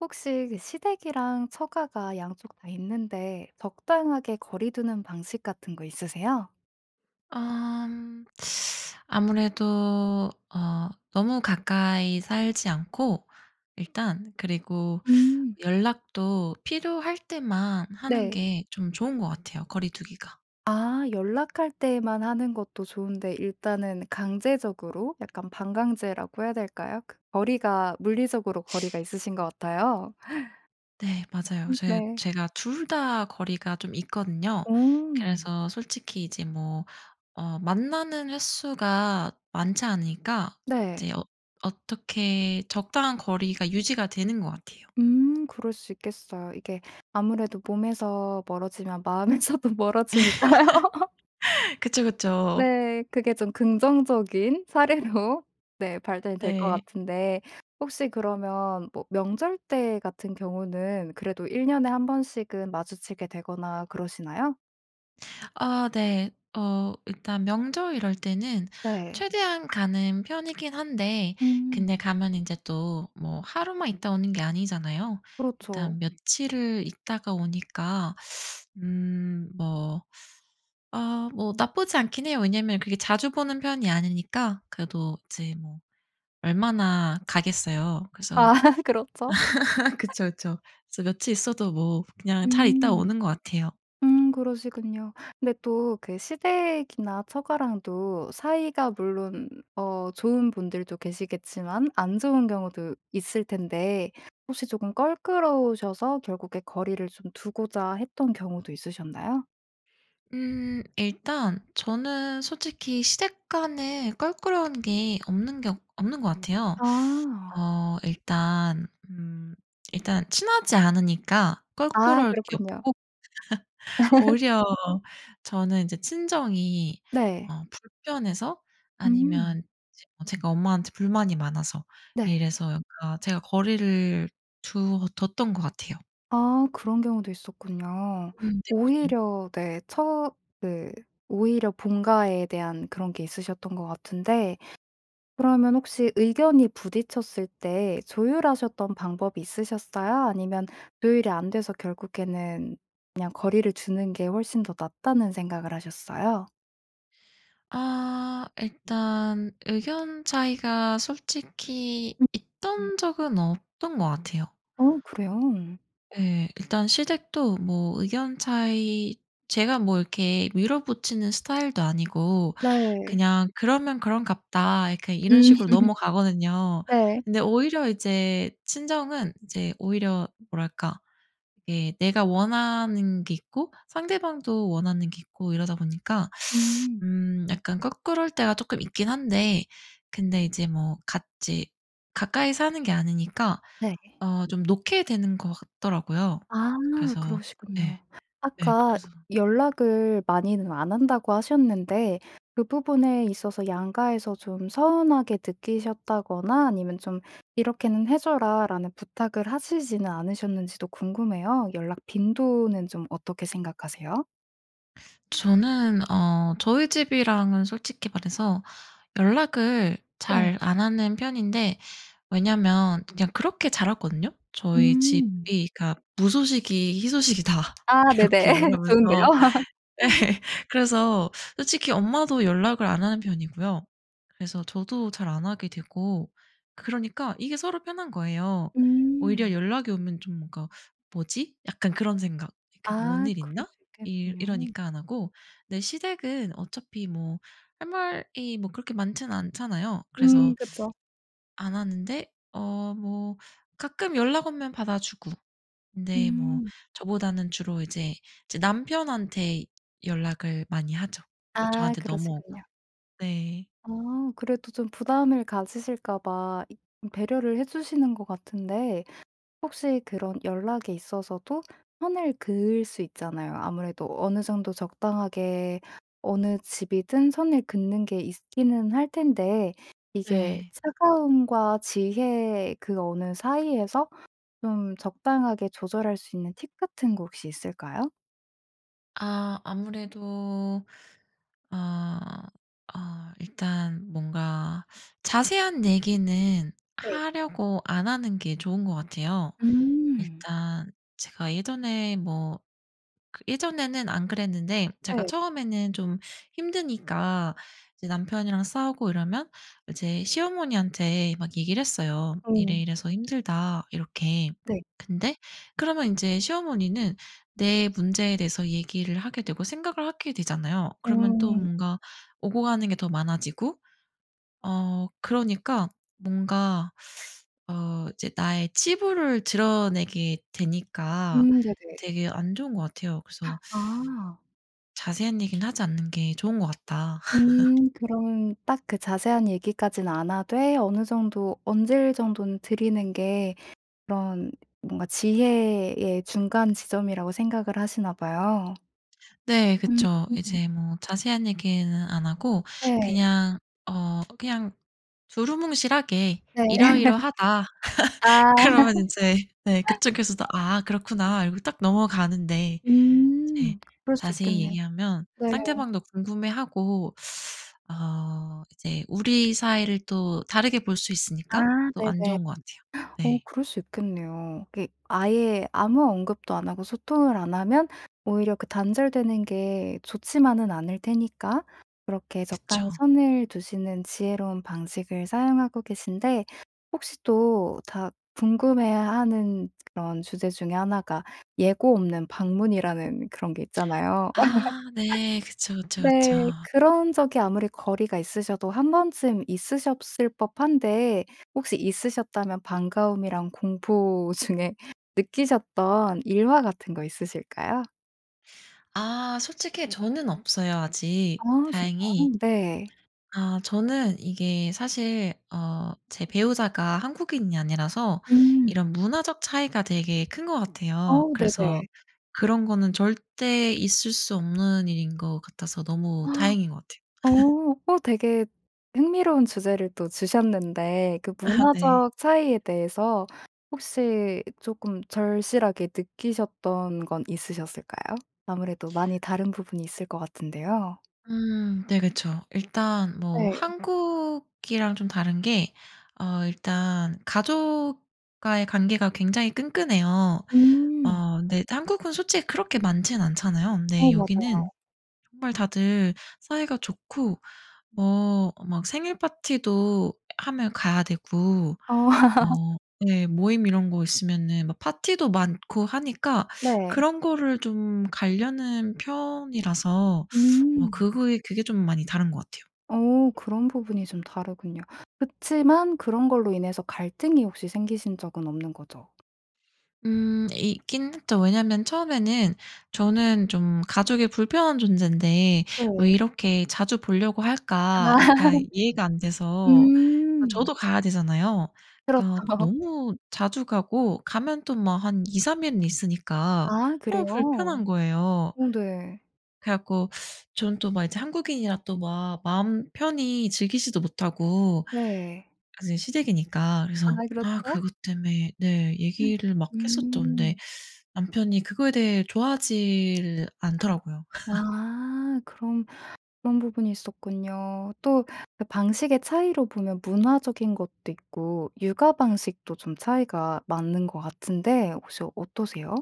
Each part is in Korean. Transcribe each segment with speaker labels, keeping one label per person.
Speaker 1: 혹시 그 시댁이랑 처가가 양쪽 다 있는데 적당하게 거리 두는 방식 같은 거 있으세요?
Speaker 2: 암 아무래도 어 너무 가까이 살지 않고 일단 그리고
Speaker 1: 음.
Speaker 2: 연락도 필요할 때만 하는
Speaker 1: 네.
Speaker 2: 게 좀 좋은 것 같아요 거리 두기가.
Speaker 1: 아 연락할 때만 하는 것도 좋은데 일단은 강제적으로 약간 반강제라고 해야 될까요? 그 거리가 물리적으로 거리가 있으신 것 같아요.
Speaker 2: 네 맞아요.
Speaker 1: 음
Speaker 2: 제
Speaker 1: 네.
Speaker 2: 제가 2 다 거리가 좀 있거든요.
Speaker 1: 어.
Speaker 2: 그래서 솔직히 이제 뭐 어 만나는 횟수가 많지 않으니까
Speaker 1: 네.
Speaker 2: 이제 어 어떻게 적당한 거리가 유지가 되는 것 같아요.
Speaker 1: 음 그럴 수 있겠어요. 이게 아무래도 몸에서 멀어지면 마음에서도 멀어지니까요.
Speaker 2: 그쵸, 그쵸.
Speaker 1: 네. 그게 좀 긍정적인 사례로 네 발달이 될 것
Speaker 2: 네.
Speaker 1: 같은데 혹시 그러면 뭐 명절 때 같은 경우는 그래도 1 년에 1 번씩은 마주치게 되거나 그러시나요?
Speaker 2: 아 네. 어 일단 명절 이럴 때는
Speaker 1: 네.
Speaker 2: 최대한 가는 편이긴 한데
Speaker 1: 음.
Speaker 2: 근데 가면 인제 또 뭐 하루만 있다 오는 게 아니잖아요.
Speaker 1: 그렇죠.
Speaker 2: 일단 며칠을 있다가 오니까 음 뭐 아 뭐 나쁘지 않기는 해요. 왜냐하면 그렇게 자주 보는 편이 아니니까 그래도 이제 뭐 얼마나 가겠어요.
Speaker 1: 아
Speaker 2: 그래서
Speaker 1: 그렇죠.
Speaker 2: 그쵸, 그쵸. 저 며칠 있어도 뭐 그냥 잘 있다
Speaker 1: 음.
Speaker 2: 오는 것 같아요.
Speaker 1: 음 그러시군요. 근데 또 그 시댁이나 처가랑도 사이가 물론 어 좋은 분들도 계시겠지만 안 좋은 경우도 있을 텐데 혹시 조금 껄끄러우셔서 결국에 거리를 좀 두고자 했던 경우도 있으셨나요?
Speaker 2: 음 일단 저는 솔직히 시댁 간에 껄끄러운 게 없는 경 없는 것 같아요.
Speaker 1: 아.
Speaker 2: 어 일단 음 일단 친하지 않으니까
Speaker 1: 아
Speaker 2: 껄끄러울 게
Speaker 1: 그렇군요.
Speaker 2: 없고 오히려 저는 이제 친정이
Speaker 1: 네.
Speaker 2: 어 불편해서
Speaker 1: 음.
Speaker 2: 아니면 지금 제가 엄마한테 불만이 많아서
Speaker 1: 네.
Speaker 2: 이래서 약간 제가 거리를 두어 뒀던 것 같아요.
Speaker 1: 아 그런 경우도 있었군요.
Speaker 2: 음 네.
Speaker 1: 오히려 네 처 네 오히려 본가에 대한 그런 게 있으셨던 것 같은데 그러면 혹시 의견이 부딪혔을 때 조율하셨던 방법이 있으셨어요? 아니면 조율이 안 돼서 결국에는 그냥 거리를 두는 게 훨씬 더 낫다는 생각을 하셨어요?
Speaker 2: 아 일단 의견 차이가 솔직히
Speaker 1: 음.
Speaker 2: 있던 적은 없던 것 같아요.
Speaker 1: 어 그래요?
Speaker 2: 예. 일단 시댁도 뭐 의견 차이 제가 뭐 이렇게 밀어붙이는 스타일도 아니고
Speaker 1: 네.
Speaker 2: 그냥 '그러면 그런가 보다.' 그냥 이런
Speaker 1: 음.
Speaker 2: 식으로 넘어가거든요.
Speaker 1: 네.
Speaker 2: 근데 오히려 이제 친정은 이제 오히려 뭐랄까 예 내가 원하는 게 있고 상대방도 원하는 게 있고 이러다 보니까
Speaker 1: 음.
Speaker 2: 음 약간 껄끄러울 때가 쪼끔 있긴 한데 근데 이제 뭐 같이 가까이 사는 게 아니니까
Speaker 1: 네.
Speaker 2: 어 좀 놓게 되는 것 같더라고요.
Speaker 1: 아
Speaker 2: 그래서 예.
Speaker 1: 그러시군요.
Speaker 2: 예
Speaker 1: 아까
Speaker 2: 그래서
Speaker 1: 연락을 많이는 안 한다고 하셨는데 그 부분에 있어서 양가에서 좀 서운하게 느끼셨다거나 아니면 좀 "이렇게는 해 줘라."라는 부탁을 하시지는 않으셨는지도 궁금해요. 연락 빈도는 좀 어떻게 생각하세요?
Speaker 2: 저는 어 저희 집이랑은 솔직히 말해서 연락을
Speaker 1: 네.
Speaker 2: 잘 안 하는 편인데 왜냐하면 그냥 그렇게 자랐거든요. 저희
Speaker 1: 음.
Speaker 2: 집이 가 "무소식이 희소식이다."
Speaker 1: 아 네네.
Speaker 2: 이렇게
Speaker 1: 좋은데요.
Speaker 2: 말하면서 예 그래서 솔직히 엄마도 연락을 안 하는 편이고요. 그래서 저도 잘 안 하게 되고 그러니까 이게 서로 편한 거예요. 오히려
Speaker 1: 음.
Speaker 2: 연락이 오면 좀 뭔가 '뭐지?' 약간 그런 생각 '이게 뭔
Speaker 1: 아
Speaker 2: 일
Speaker 1: 그럴
Speaker 2: 있나?'
Speaker 1: 수
Speaker 2: 이
Speaker 1: 있겠네요.
Speaker 2: 이러니까 안 하고 근데 시댁은 어차피 뭐 할 말이 뭐 그렇게 많지는 않잖아요?
Speaker 1: 음
Speaker 2: 그래서
Speaker 1: 그쵸.
Speaker 2: 안 하는데 어 뭐 가끔 연락 오면 받아 주고 근데 뭐
Speaker 1: 음.
Speaker 2: 저보다는 주로 이제, 이제 남편한테 연락을 많이 하죠. 그
Speaker 1: 아
Speaker 2: 저한테 넘어오고
Speaker 1: 그러시군요.
Speaker 2: 네.
Speaker 1: 아 그래도 좀 부담을 가지실까 봐 이 배려를 해 주시는 것 같은데 혹시 그런 연락에 있어서도 선을 그을 수 있잖아요. 아무래도 어느 정도 적당하게 어느 집이든 선을 긋는 게 있기는 할 텐데 이게
Speaker 2: 네.
Speaker 1: 차가움과 지혜 그 어느 사이에서 좀 적당하게 조절할 수 있는 팁 같은 거 혹시 있을까요?
Speaker 2: 아 아무래도 어 어 일단 뭔가 자세한 얘기는
Speaker 1: 네.
Speaker 2: 하려고 안 하는 게 좋은 것 같아요.
Speaker 1: 음.
Speaker 2: 일단 제가 예전에 뭐 그 예전에는 안 그랬는데 제가
Speaker 1: 네.
Speaker 2: 처음에는 좀 힘드니까 이제 남편이랑 싸우고 이러면 이제 시어머니한테 막 얘기를 했어요.
Speaker 1: 음.
Speaker 2: "이래이래서 힘들다." 이렇게.
Speaker 1: 네.
Speaker 2: 근데 그러면 인제 시어머니는 내 문제에 대해서 얘기를 하게 되고 생각을 하게 되잖아요. 그러면 또
Speaker 1: 음.
Speaker 2: 뭔가 오고 가는 게 더 많아지고 어 그러니까 뭔가 어 이제 나의 치부를 드러내게 되니까
Speaker 1: 음 네네.
Speaker 2: 되게 안 좋은 것 같아요. 그래서
Speaker 1: 아.
Speaker 2: 자세한 얘기는 하지 않는 게 좋은 것 같다.
Speaker 1: 음 그러면 딱 그 자세한 얘기까진 안 하되 어느 정도 언질 정도는 드리는 게 그런 뭔가 지혜의 예 중간 지점이라고 생각을 하시나 봐요.
Speaker 2: 네. 그쵸.
Speaker 1: 음.
Speaker 2: 이제 뭐 자세한 얘기는 안 하고
Speaker 1: 네.
Speaker 2: 그냥 어 그냥 두루뭉실하게
Speaker 1: 네.
Speaker 2: "이러이러하다."
Speaker 1: 아.
Speaker 2: 그러면 인제 네 그쪽에서도 "아 그렇구나." 이러고 딱 넘어가는데 이제
Speaker 1: 음. 그럴 수
Speaker 2: 자세히
Speaker 1: 있겠네요.
Speaker 2: 얘기하면
Speaker 1: 네.
Speaker 2: 상대방도 궁금해하고 어 이제 우리 사이를 또 다르게 볼 수
Speaker 1: 아
Speaker 2: 있으니까 또 안
Speaker 1: 네네.
Speaker 2: 좋은 것 같아요.
Speaker 1: 어
Speaker 2: 네.
Speaker 1: 그럴 수 있겠네요. 이게 아예 아무 언급도 안 하고 소통을 안 하면 오히려 그 단절되는 게 좋지만은 않을 테니까 그렇게
Speaker 2: 그쵸.
Speaker 1: 적당히 선을 두시는 지혜로운 방식을 사용하고 계신데 혹시 또 다 궁금해하는 그런 주제 중의 1 가 예고 없는 방문이라는 그런 게 있잖아요.
Speaker 2: 아 네. 그쵸, 그쵸, 그쵸.
Speaker 1: 네. 그런 적이 아무리 거리가 있으셔도 1 번쯤 있으셨을 법한데 혹시 있으셨다면 반가움이랑 공포 중에 느끼셨던 일화 같은 거 있으실까요?
Speaker 2: 아 솔직히 저는 없어요
Speaker 1: 아
Speaker 2: 아직 다행히.
Speaker 1: 진짜요? 네.
Speaker 2: 아 저는 이게 사실 어 제 배우자가 한국인이 아니라서
Speaker 1: 음.
Speaker 2: 이런 문화적 차이가 되게 큰 것 같아요.
Speaker 1: 어우
Speaker 2: 그래서
Speaker 1: 네네.
Speaker 2: 그런 거는 절대 있을 수 없는 일인 것 같아서 너무 다행인 것 같아요.
Speaker 1: 어. 어 되게 흥미로운 주제를 또 주셨는데 그
Speaker 2: 아 네.
Speaker 1: 문화적 차이에 대해서 혹시 쪼끔 절실하게 느끼셨던 건 있으셨을까요? 아무래도 많이 다른 부분이 있을 것 같은데요.
Speaker 2: 음 네 그쵸. 일단 뭐
Speaker 1: 네.
Speaker 2: 한국이랑 좀 다른 게 어 일단 가족과의 관계가 굉장히 끈끈해요.
Speaker 1: 음.
Speaker 2: 어 근데 한국은 솔직히 그렇게 많지는 않잖아요. 근데
Speaker 1: 어
Speaker 2: 여기는
Speaker 1: 맞아요.
Speaker 2: 정말 다들 사이가 좋고 뭐 막 생일 파티도 하면 가야 되고
Speaker 1: 어.
Speaker 2: 어 네 모임 이런 거 있으면은 막 파티도 많고 하니까
Speaker 1: 네.
Speaker 2: 그런 거를 좀 가려는 편이라서 어
Speaker 1: 음.
Speaker 2: 그거이 그게 좀 많이 다른 것 같아요.
Speaker 1: 어 그런 부분이 좀 다르군요. 그렇지만 그런 걸로 인해서 갈등이 혹시 생기신 적은 없는 거죠.
Speaker 2: 음 있긴 했죠. 왜냐하면 처음에는 저는 좀 '가족의 불편한 존재인데 왜
Speaker 1: 네.
Speaker 2: 이렇게 자주 보려고
Speaker 1: 아.
Speaker 2: 할까.' 약간 이해가 안 돼서 어
Speaker 1: 음.
Speaker 2: 저도 가야 되잖아요. 그러니까
Speaker 1: 그렇죠.
Speaker 2: 너무 자주 가고 가면 또 막 한 2-3 일은 있으니까
Speaker 1: 아
Speaker 2: 어
Speaker 1: 그래요?
Speaker 2: 불편한 거예요.
Speaker 1: 어 네.
Speaker 2: 그래 갖고 저는 또 막 이제 한국인이라 또 막 마음 편히 즐기지도 못하고
Speaker 1: 네.
Speaker 2: 아 저 시댁이니까.
Speaker 1: 아
Speaker 2: 그래서 아
Speaker 1: 그렇죠.
Speaker 2: 그것 때문에 네 얘기를 막 했었죠. 근데
Speaker 1: 음.
Speaker 2: 남편이 그거에 대해 좋아하지를 않더라고요.
Speaker 1: 와. 그런 그런 부분이 있었군요. 또 그 방식의 차이로 보면 문화적인 것도 있고 육아 방식도 좀 차이가 많은 것 같은데 혹시 어떠세요?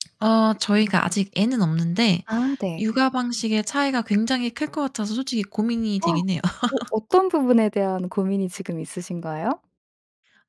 Speaker 2: 아 저희가 아직 애는 없는데
Speaker 1: 아 네.
Speaker 2: 육아 방식의 차이가 굉장히 클 것 같아서 솔직히 고민이
Speaker 1: 어
Speaker 2: 되긴 해요.
Speaker 1: 어떤 부분에 대한 고민이 지금 있으신가요?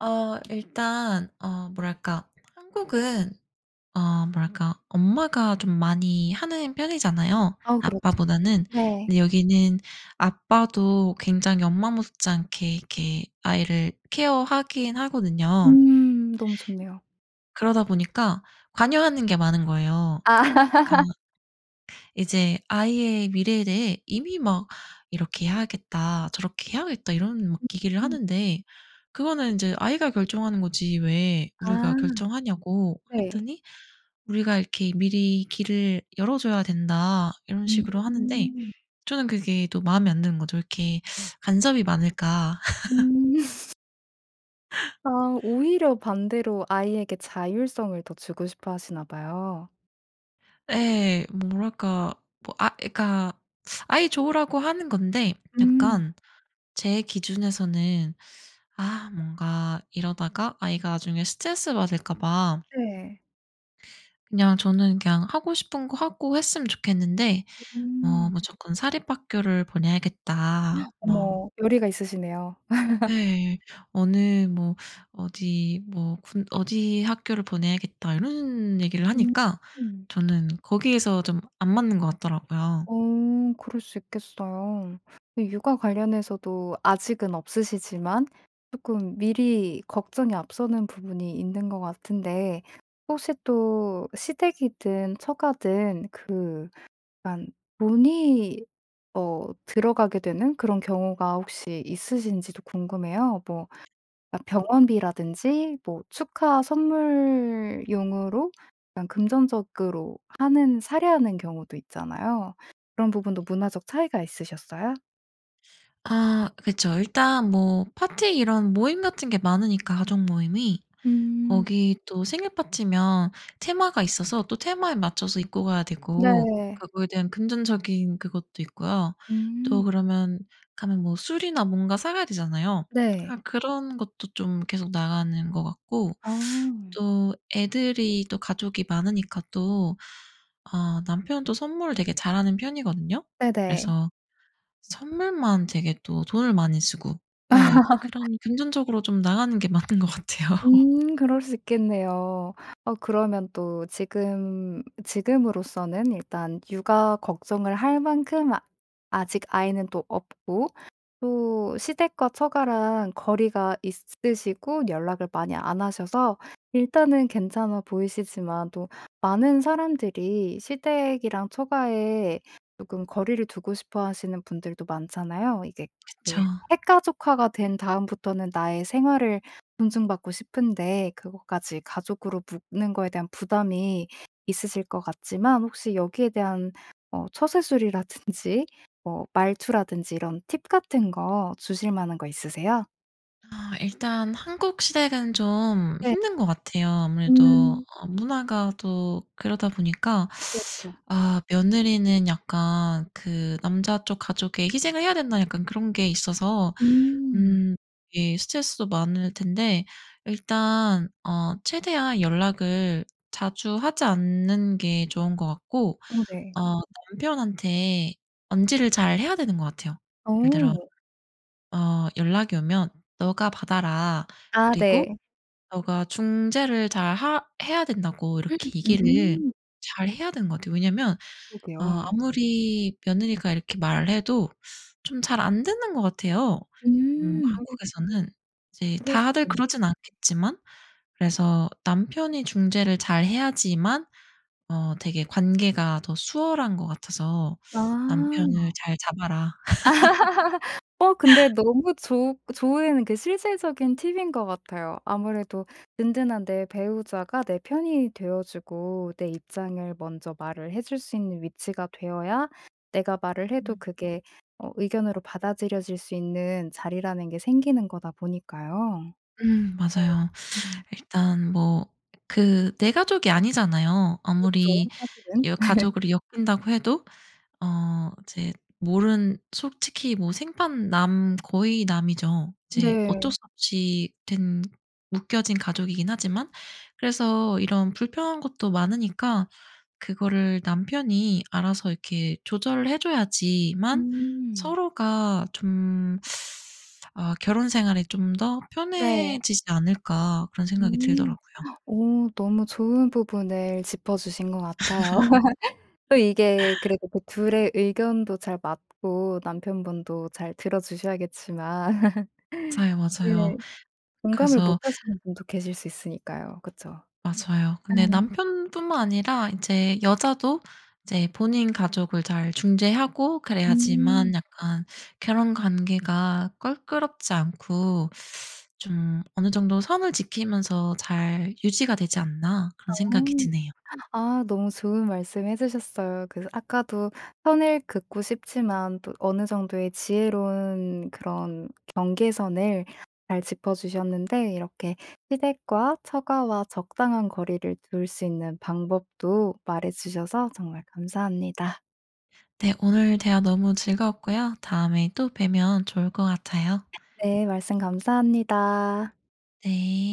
Speaker 2: 어 일단 어 뭐랄까 한국은 어 뭐랄까 엄마가 좀 많이 하는 편이잖아요
Speaker 1: 아 그렇죠.
Speaker 2: 아빠보다는.
Speaker 1: 네.
Speaker 2: 근데 여기는 아빠도 굉장히 엄마 못지않게 이렇게 아이를 케어하긴 하거든요.
Speaker 1: 음 너무 좋네요.
Speaker 2: 그러다 보니까 관여하는 게 많은 거예요.
Speaker 1: 아.
Speaker 2: 그러니까 이제 아이의 미래에 대해 이미 막 "이렇게 해야겠다. 저렇게 해야겠다." 이런 막 얘기를
Speaker 1: 음.
Speaker 2: 하는데 "그거는 이제 아이가 결정하는 거지 왜
Speaker 1: 아.
Speaker 2: 우리가 결정하냐."고
Speaker 1: 네.
Speaker 2: 했더니 "우리가 이렇게 미리 길을 열어줘야 된다." 이런 식으로 하는데
Speaker 1: 음.
Speaker 2: 저는 그게 또 마음에 안 드는 거죠. '왜 이렇게 간섭이 많을까.'
Speaker 1: 음. 아 오히려 반대로 아이에게 자율성을 더 주고 싶어 하시나 봐요.
Speaker 2: 예. 뭐랄까 뭐 아 그러니까 아이 좋으라고 하는 건데
Speaker 1: 음.
Speaker 2: 약간 제 기준에서는 아 뭔가 이러다가 아이가 나중에 스트레스 받을까 봐
Speaker 1: 네.
Speaker 2: 그냥 저는 그냥 하고 싶은 거 하고 했으면 좋겠는데
Speaker 1: 어
Speaker 2: 뭐
Speaker 1: 음.
Speaker 2: "무조건 사립학교를 보내야겠다." 뭐
Speaker 1: 어머 의리가 있으시네요.
Speaker 2: 네. 어느 뭐 어디 뭐 군 "어디 학교를 보내야겠다." 이런 얘기를 하니까
Speaker 1: 음.
Speaker 2: 저는 거기에서 좀 안 맞는 것 같더라고요.
Speaker 1: 어. 그럴 수 있겠어요. 근데 육아 관련해서도 아직은 없으시지만 쪼끔 미리 걱정이 앞서는 부분이 있는 것 같은데 혹시 또 시댁이든 처가든 그 약간 돈이 어 들어가게 되는 그런 경우가 혹시 있으신지도 궁금해요. 뭐 아
Speaker 2: 음.
Speaker 1: 병원비라든지 뭐 축하 선물용으로 약간 금전적으로 하는 사례하는 경우도 있잖아요. 그런 부분도 문화적 차이가 있으셨어요?
Speaker 2: 아 그쵸. 일단 뭐 파티 이런 모임 같은 게 많으니까 가족모임이.
Speaker 1: 음.
Speaker 2: 거기 또 생일파티면 테마가 있어서 또 테마에 맞춰서 입고 가야 되고
Speaker 1: 네.
Speaker 2: 그거에 대한 금전적인 그것도 있고요.
Speaker 1: 음.
Speaker 2: 또 그러면 가면 뭐 술이나 뭔가 사 가야 되잖아요.
Speaker 1: 네.
Speaker 2: 아 그런 것도 좀 계속 나가는 것 같고
Speaker 1: 어.
Speaker 2: 또 애들이 또 가족이 많으니까 또 아 남편은 또 선물을 되게 잘하는 편이거든요.
Speaker 1: 네네.
Speaker 2: 그래서 선물만 되게 또 돈을 많이 쓰고. 예. 그런 금전적으로 좀 나가는 게 많은 것 같아요.
Speaker 1: 음 그럴 수 있겠네요. 어 그러면 또 지금, 지금으로서는 일단 육아 걱정을 할 만큼 아 아직 아이는 또 없고 또 시댁과 처가랑 거리가 있으시고 연락을 많이 안 하셔서 일단은 괜찮아 보이시지만 또 많은 사람들이 시댁이랑 처가에 쪼끔 거리를 두고 싶어 하시는 분들도 많잖아요. 이게
Speaker 2: 그쵸.
Speaker 1: 네 핵가족화가 된 다음부터는 나의 생활을 존중받고 싶은데 그것까지 가족으로 묶는 것에 대한 부담이 있으실 것 같지만 혹시 여기에 대한 어 처세술이라든지 뭐 말투라든지 이런 팁 같은 거 주실 만한 거 있으세요?
Speaker 2: 어 일단 한국 시댁은 좀
Speaker 1: 네.
Speaker 2: 힘든 것 같아요. 아무래도
Speaker 1: 음.
Speaker 2: 어 문화가 또 그러다 보니까
Speaker 1: 그렇쵸.
Speaker 2: 아 "며느리는 약간 그 남자 쪽 가족에 희생을 해야 된다." 약간 그런 게 있어서
Speaker 1: 음.
Speaker 2: 음 이게 스트레스도 많을 텐데 일단 어 최대한 연락을 자주 하지 않는 게 좋은 것 같고
Speaker 1: 어 네.
Speaker 2: 어 남편한테 언질을 잘 해야 되는 것 같아요. 예를 들어
Speaker 1: 어.
Speaker 2: 어 "연락이 오면 너가 받아라.
Speaker 1: 아
Speaker 2: 그리고
Speaker 1: 네.
Speaker 2: 너가 중재를 잘 하 해야 된다."고 이렇게 얘기를
Speaker 1: 음.
Speaker 2: 잘 해야 되는 것 같아요. 왜냐면 어
Speaker 1: 그러게요.
Speaker 2: 아무리 며느리가 이렇게 말을 해도 좀 잘 안 듣는 것 같아요 음
Speaker 1: 음.
Speaker 2: 한국에서는. 이제
Speaker 1: 그럴 수
Speaker 2: 다들
Speaker 1: 있겠
Speaker 2: 그러진 않겠지만 그래서 남편이 중재를 잘 해야지만 어 되게 관계가 더 수월한 것 같아서 남편을
Speaker 1: 아.
Speaker 2: 잘 잡아라.
Speaker 1: 어 근데 너무 좋으 그 좋은 그 실질적인 팁인 것 같아요. 아무래도 든든한 내 배우자가 내 편이 되어 주고 내 입장을 먼저 말을 해 줄 수 있는 위치가 되어야 내가 말을 해도
Speaker 2: 음.
Speaker 1: 그게 어 의견으로 받아들여질 수 있는 자리라는 게 생기는 거다 보니까요.
Speaker 2: 음.
Speaker 1: 네.
Speaker 2: 맞아요.
Speaker 1: 음.
Speaker 2: 일단 뭐 그 내 가족이 아니잖아요
Speaker 1: 그렇죠
Speaker 2: 아무리
Speaker 1: 사실은.
Speaker 2: 여 가족으로 엮인다고 해도. 어 이제 모른 솔직히 뭐 생판 남, 거의 남이죠. 이제 어쩔
Speaker 1: 네.
Speaker 2: 수 없이 된 묶여진 가족이긴 하지만 그래서 이런 불편한 것도 많으니까 그거를 남편이 알아서 이렇게 조절 해 줘야지만
Speaker 1: 음.
Speaker 2: 서로가 좀 아 결혼 생활이 좀 더
Speaker 1: 네.
Speaker 2: 편해지지 않을까 그런 생각이
Speaker 1: 음.
Speaker 2: 들더라고요.
Speaker 1: 오. 너무 좋은 부분을 짚어주신 것 같아요. 또 이게 그래도 그 2 의 의견도 잘 맞고 남편분도 잘 들어주셔야겠지만
Speaker 2: 맞아요, 맞아요.
Speaker 1: 네. 공감을 못
Speaker 2: 그래서
Speaker 1: 하시는 분도 계실 수 있으니까요 그쵸?
Speaker 2: 맞아요. 근데
Speaker 1: 네.
Speaker 2: 남편뿐만 아니라 인제 여자도 이제 본인 가족을 잘 중재하고
Speaker 1: 음.
Speaker 2: 그래야지만 약간 결혼 관계가 껄끄럽지 않고 좀 어느 정도 선을 지키면서 잘 유지가 되지 않나 그런 생각이
Speaker 1: 어.
Speaker 2: 드네요.
Speaker 1: 아 너무 좋은 말씀 해 주셨어요. 그래서 아까도 선을 긋고 싶지만 또 어느 정도의 지혜로운 그런 경계선을 잘 짚어주셨는데 이렇게 시댁과 처가와 적당한 거리를 둘 수 있는 방법도 말해 주셔서 정말 감사합니다.
Speaker 2: 네. 오늘 대화 너무 즐거웠고요. 다음에 또 뵈면 좋을 것 같아요.
Speaker 1: 네. 말씀 감사합니다.
Speaker 2: 네.